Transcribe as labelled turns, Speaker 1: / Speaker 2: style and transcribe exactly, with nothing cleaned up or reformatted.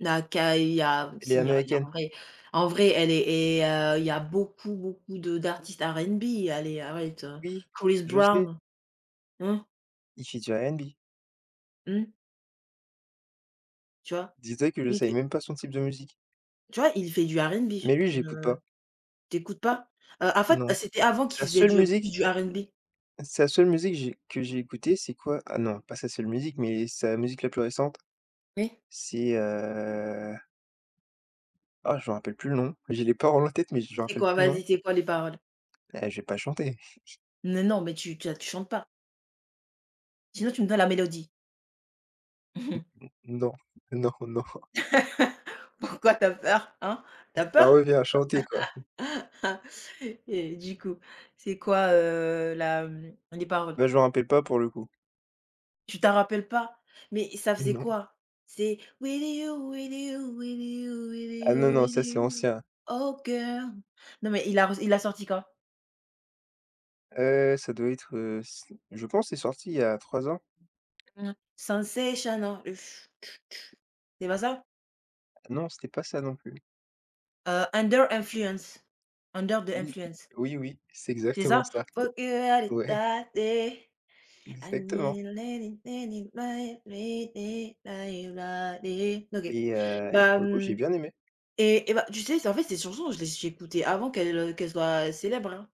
Speaker 1: Naka, il y a,
Speaker 2: Elle est
Speaker 1: aussi, il y a il y a
Speaker 2: américaine.
Speaker 1: en vrai. En vrai, elle est et heu, il y a beaucoup, beaucoup de d'artistes R&B, allez, arrête heu.
Speaker 2: Oui,
Speaker 1: Chris
Speaker 2: je sais.
Speaker 1: brown? Mmh.
Speaker 2: Il fait du R&B.
Speaker 1: Mmh. Tu vois?
Speaker 2: Dis toi que je
Speaker 1: Lui il
Speaker 2: savais
Speaker 1: fait
Speaker 2: même pas son type de musique.
Speaker 1: tu vois? Il fait du R&B.
Speaker 2: Mais lui,
Speaker 1: Une,
Speaker 2: j'écoute
Speaker 1: heu
Speaker 2: pas.
Speaker 1: tu écoutes pas? Heu, en fait,
Speaker 2: Non,
Speaker 1: c'était avant
Speaker 2: sa
Speaker 1: qu'il faisait
Speaker 2: seule
Speaker 1: du plus
Speaker 2: musique
Speaker 1: du R&B.
Speaker 2: sa seule musique j'ai que j'ai écoutée, c'est quoi? Ah non, pas sa seule musique, mais sa musique, la plus récente,
Speaker 1: Oui.
Speaker 2: c'est, heu ah je m'en rappelle plus le nom. J'ai les paroles en tête, mais je me
Speaker 1: C'est
Speaker 2: rappelle
Speaker 1: quoi?
Speaker 2: plus le nom.
Speaker 1: Vas-y. C'est quoi les paroles?
Speaker 2: Beh, je vais pas chanter.
Speaker 1: Mais non, mais tu tu as tu chantes pas. Sinon, tu me donnes la mélodie.
Speaker 2: M mmh. Mmh. Non, non, non.
Speaker 1: Pourquoi tu as peur? Hein, tu as
Speaker 2: Ça
Speaker 1: peur?
Speaker 2: revient à chanter quoi.
Speaker 1: Et du coup, c'est quoi, heu, la, mmh les paroles?
Speaker 2: Ben je m'en rappelle pas pour le coup.
Speaker 1: Tu t'en rappelles pas? Mais ça faisait
Speaker 2: Non.
Speaker 1: quoi? C'est. With you, with you, with you, with
Speaker 2: Ah non,
Speaker 1: you,
Speaker 2: non,
Speaker 1: with
Speaker 2: ça c'est
Speaker 1: you.
Speaker 2: ancien.
Speaker 1: Oh girl! Non mais il a re il a sorti quand?
Speaker 2: Heu, ça doit être heu, c je pense, c'est sorti il y a trois ans.
Speaker 1: Mmh. Sensational, ush tutu C'est pas ça?
Speaker 2: Non, c'était pas ça non plus.
Speaker 1: Heu, Under influence. Under the
Speaker 2: Oui,
Speaker 1: influence.
Speaker 2: oui, oui, c'est
Speaker 1: C'est
Speaker 2: exactement
Speaker 1: ça?
Speaker 2: ça.
Speaker 1: Fuck you out
Speaker 2: Ouais.
Speaker 1: that day. I
Speaker 2: Exactement.
Speaker 1: need. [unintelligible] Ok,
Speaker 2: Et heu et
Speaker 1: bah,
Speaker 2: pour le coup, j'ai
Speaker 1: mmh
Speaker 2: bien aimé.
Speaker 1: et et ben tu sais, c'est en fait, ses chansons, je les écoutais avant qu'elles qu'elles soient célèbres, hein.